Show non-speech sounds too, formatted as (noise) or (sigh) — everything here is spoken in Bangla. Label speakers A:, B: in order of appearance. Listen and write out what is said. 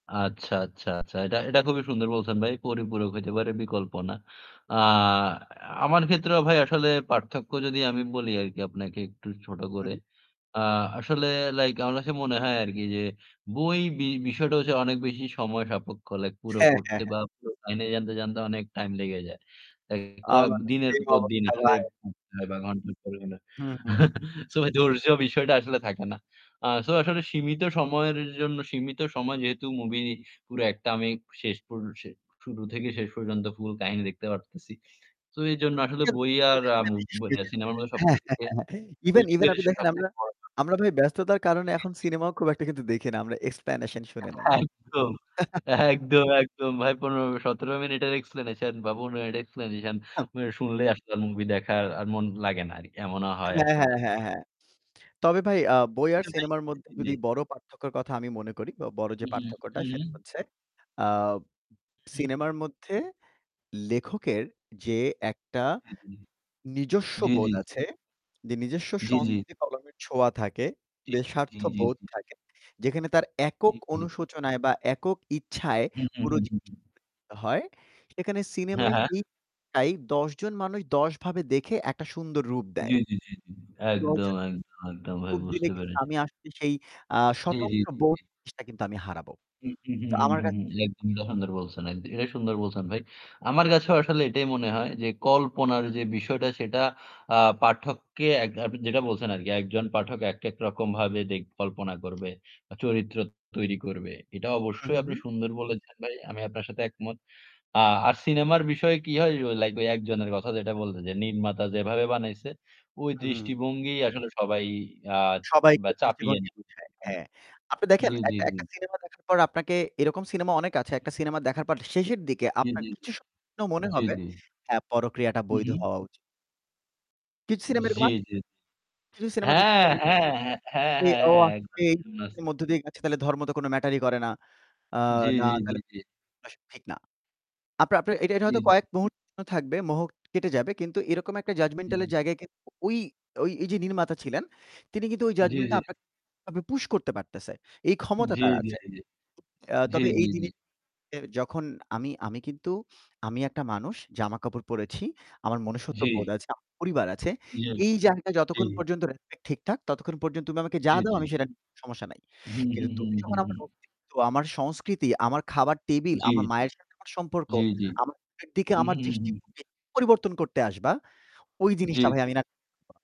A: আচ্ছা, আচ্ছা, আচ্ছা। এটা এটা খুবই সুন্দর বলছেন ভাই। পরিপূরক হইতে পারে বিকল্প না। আ আমার ক্ষেত্রেও ভাই আসলে পার্থক্য যদি আমি বলি আরকি আপনাকে একটু ছোট করে।
B: উম-হুম।
A: আ আসলে লাইক আমার কাছে মনে হয় আরকি যে, বই বি বিষয়টা হচ্ছে অনেক বেশি সময় সাপেক্ষ। লাইক পুরো
B: হ্যাঁ, হ্যাঁ,
A: পড়তে
B: হ্যাঁ।
A: বা পুরো কাহিনী জানতে, জানতে অনেক টাইম লেগে যায়। লাইক ক
B: আমারও
A: দিনের
B: সেম
A: পর দিন
B: অবস্থা
A: আসলে
B: ভাই।
A: উপ ০.৫ ঘন্টা পড়লে না
B: হু, হু।
A: (chuckles) সো ভাই ধৈর্য বিষয়টা আসলে থাকে না। আ সো আসলে সীমিত সময়ের জন্য, সীমিত সময় যেহেতু মুভি পুরা একটা আমি শেষ পর শে শুরু থেকে শেষ পর্যন্ত ফুল কাহিনী দেখতে পারতেছি। তো এজন্য আসলে
B: (unintelligible)
A: বই আর আম বই আর সিনেমার মধ্যে সবথেকে
B: (chuckles) ইভেন ইভেন
A: (unintelligible)
B: আপনি দেখেন
A: সবথেকে
B: আমরা
A: (unintelligible)
B: আমরা ভাই ব্যস্ততার কারণে
A: জি,
B: এখন
A: জি।
B: সিনেমাও খুব একটা দেখি না। আমরা এক্সপ্ল্যানেশন শুনে নেই।
A: (chuckles) একদম,
B: (chuckles)
A: একদম একদম ভাই ১৫-১৭ মিনিটের এক্সপ্লেনেশন বা ১৫ মিনিটের এক্সপ্লেনেশন উ শুনলেই আসলে মুভি দেখার আর মন লাগেনা আর। এমনও হয়
B: হ্যাঁ,
A: আসলে।
B: হ্যাঁ, হ্যাঁ, হ্যাঁ। (smacks lips) তবে ভাই আ বই আর
A: কিন্তু ভাই
B: সিনেমার মধ্যে
A: (unintelligible)
B: যদি
A: জি।
B: বড় পার্থক্যর কথা আমি মনে করি বা বড় যে
A: উম-হুম,
B: পার্থক্যটা
A: হুম, হুম,
B: সেটা
A: হুম।
B: হচ্ছে, আ উ
A: উম-হুম, হুম।
B: সিনেমার মধ্যে লেখকের যে একটা
A: হ্যাঁ, হ্যাঁ।
B: নিজস্ব
A: জ্বী, জ্বী,
B: বোধ
A: জ্বী।
B: আছে, যে নিজস্ব
A: জ্বি, জ্বি।
B: সংস্কৃতি কলমের ছোঁয়া থাকে,
A: জ্বী,
B: বে স্বার্থ
A: জ্বী, জ্বী,
B: বোধ
A: জ্বী।
B: থাকে, যেখানে তার একক
A: জী, জী।
B: অনুশোচনায় বা একক ইচ্ছায়
A: হু, হু,
B: পুরো
A: হু, হু,
B: জিনিসটা
A: হু।
B: হয়, সেখানে
A: হ্যাঁ,
B: সিনেমায়
A: হ্যাঁ।
B: সেইটাই ১০ জন মানুষ ১০ ভাবে দেখে একটা সুন্দর রূপ দেয়।
A: জ্বী, জ্বী, জ্বী, জ্বী।
B: ১০
A: একদম,
B: জন
A: একদম, একদম ভাই
B: (unintelligible) দিলে
A: বুঝতে
B: কিন্তু
A: পেরেছি।
B: আমি আসছি সেই আ
A: জ্বী, জ্বী, জ্বী,
B: স্বতন্ত্রবোধ
A: জ্বী।
B: জিনিসটা কিন্তু আমি হারাবো।
A: হু, হু, হু,
B: তো
A: হু,
B: আমার
A: হু,
B: কা
A: হু। একদমই সুন্দর বলছেন। একদ এটাই সুন্দর বলছেন ভাই। আমার কাছেও আসলে এটাই মনে হয় যে, কল্পনার যে বিষয়টা সেটা আ পাঠককে এক আপনি যেটা বলছেন আরকি, একজন পাঠক একেক রকমভাবে দে কল্পনা করবে। আ চরিত্র তৈরি করবে। এটা অবশ্যই
B: উম-হুম,
A: আপনি
B: হুম।
A: সুন্দর বলেছেন ভাই। আমি আপনার সাথে একমত। আ আর সিনেমার বিষয়ে কি হয় ও লাইক ঐ একজনের কথা যেটা বললে যে, নির্মাতা যেভাবে বানাইছে ওই
B: উম-হুম।
A: দৃষ্টিভঙ্গি আসলে সবাই আ
B: সবাইকে
A: বা চাপিয়ে
B: দৃষ্টিভঙ্গি
A: নি
B: বুঝায়।
A: (unintelligible)
B: হ্যাঁ। আপনি দেখেন
A: জ্বী, জ্বী,
B: একটা
A: জ্বী।
B: একটা সিনেমা দেখার পর আপনাকে এরকম সিনেমা অনেক আছে।
A: হুম, হুম।
B: একটা সিনেমা দেখার পর শেষের দিকে
A: জ্বী,
B: আপনার
A: জ্বী, জ্বী,
B: কিছু স ন মনে
A: জ্বী জ্বী,
B: হবে
A: জ্বী।
B: হ্যাঁ পরকীয়াটা
A: হু,
B: বৈধ
A: হু।
B: হওয়া উচিত। কিছু
A: উ
B: সিনেমা এরকম
A: জ্বী,
B: আছে
A: জ্বী, জ্বী
B: কিছু সিনেমা দেখার
A: হ্যাঁ!
B: পরে
A: হ্যাঁ, হ্যাঁ হ্যাঁ, হ্যাঁ, হ্যাঁ একদমই
B: (unintelligible)
A: (unintelligible)
B: এর মধ্য দিয়ে তাহলে ধর্ম তো কোন ম্যাটার-ই করে না। আ
A: জ্বী,
B: না
A: জ্বী, জ্বী,
B: তাহলে
A: জ্বী।
B: (unintelligible) আসলে ঠিক না। আপনার আপনার এটা এটা
A: জ্বী,
B: হয়তো
A: জ্বী।
B: কয়েক মুহূর্তর জন্য থাকবে মোহ কেটে যাবে কিন্তু এরকম একটা
A: জ্বী,
B: জাজমেন্টাল এর
A: জ্বী।
B: জায়গায় কিন্তু ঐ ঐ এইযে নির্মাতা ছিলেন, তিনি কিন্তু ওই
A: জ্বী,
B: জাজমেন্টটা
A: জ্বী।
B: আপনাকে ভাবে পুশ করতে পারতেছে। এই ক্ষমতা
A: জ্বী,
B: তার
A: জ্বী,
B: আছে।
A: জ্বী।
B: আ
A: জ্বী,
B: তবে এই
A: জ্বী, জ্বী।
B: জিনিস এ যখন আমি আমি কিন্তু, আমি একটা মানুষ জামাকাপড় পড়েছি। আমার
A: জি।
B: মনুষ্যত্ববোধ আছে, আমার পরিবার আছে।
A: জী,
B: এই জায়গায় যতক্ষণ
A: জী।
B: পর্যন্ত রেসপেক্ট ঠিকঠাক, ততক্ষণ পর্যন্ত তুমি আমাকে যা
A: জ্বী,
B: দাও
A: জ্বী।
B: আমি সেটা (unintelligible) সমস্যা নাই।
A: হুম,
B: কিন্তু
A: হুম, হুম,
B: তুমি যখন
A: হুম,
B: আমার
A: হুম।
B: অস্তিত্ব, আমার সংস্কৃতি, আমার খাবার টেবিল,
A: জ্বী।
B: আমার মায়ের সাথে আমার সম্পর্ক,
A: জ্বী, জ্বী।
B: আমার মায়ের দিকে
A: হু,
B: আমার
A: হু, হু, হু।
B: দৃষ্টিভঙ্গি পরিবর্তন করতে আসবা ওই
A: জ্বী,
B: জিনিসটা ভাই
A: জ্বী।
B: আমি না